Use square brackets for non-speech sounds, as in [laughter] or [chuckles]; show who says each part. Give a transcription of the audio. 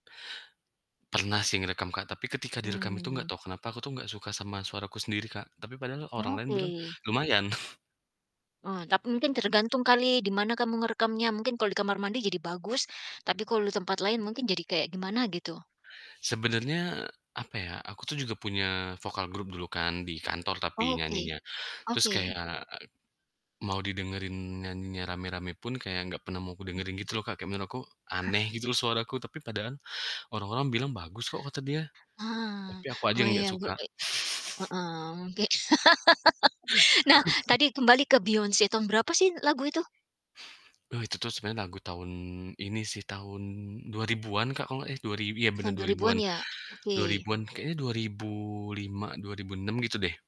Speaker 1: Pernah sih ngerekam, Kak, tapi ketika direkam itu enggak
Speaker 2: Mmm.
Speaker 1: tau kenapa aku tuh enggak suka sama suaraku sendiri, Kak, tapi padahal orang lain bilang,
Speaker 2: Oke.
Speaker 1: "Lumayan." [chuckles]
Speaker 2: Oh, tapi mungkin tergantung kali di mana kamu ngerekamnya. Mungkin kalau di kamar mandi jadi bagus, tapi kalau di tempat lain mungkin jadi kayak gimana gitu.
Speaker 1: Sebenernya, apa ya, aku tuh juga punya vokal grup dulu kan di kantor, tapi
Speaker 2: Oke.
Speaker 1: nyanyinya. Terus kaya,
Speaker 2: Oke.
Speaker 1: e mau didengerin nyanyinya rame-rame pun kaya enggak pernah mau aku ngedengerin
Speaker 2: Mhm.
Speaker 1: gitu loh, Kak. Kayak menurut aku aneh
Speaker 2: [chuckles]
Speaker 1: gitu loh suaraku, tapi padahal orang-orang bilang, "Bagus kok." Kata dia,
Speaker 2: Ah.
Speaker 1: tapi aku aja
Speaker 2: Mau
Speaker 1: yang enggak
Speaker 2: yang gu
Speaker 1: suka.
Speaker 2: i
Speaker 1: [chuckles]
Speaker 2: heeh, mungki [laughs] Nah
Speaker 1: [chuckles]
Speaker 2: tadi kembali ke Beyonce, tahun berapa sih lagu itu?
Speaker 1: Eh, itu tuh sebenarnya lagu tahun ini sih tahun 2000-an, Kak, kalau enggak eh, dua rib iya bener
Speaker 2: Tahun dua
Speaker 1: dua
Speaker 2: ribuan
Speaker 1: ribuan
Speaker 2: ya,
Speaker 1: dua
Speaker 2: oke.
Speaker 1: ribuan, kayaknya 2005, 2006 gitu deh.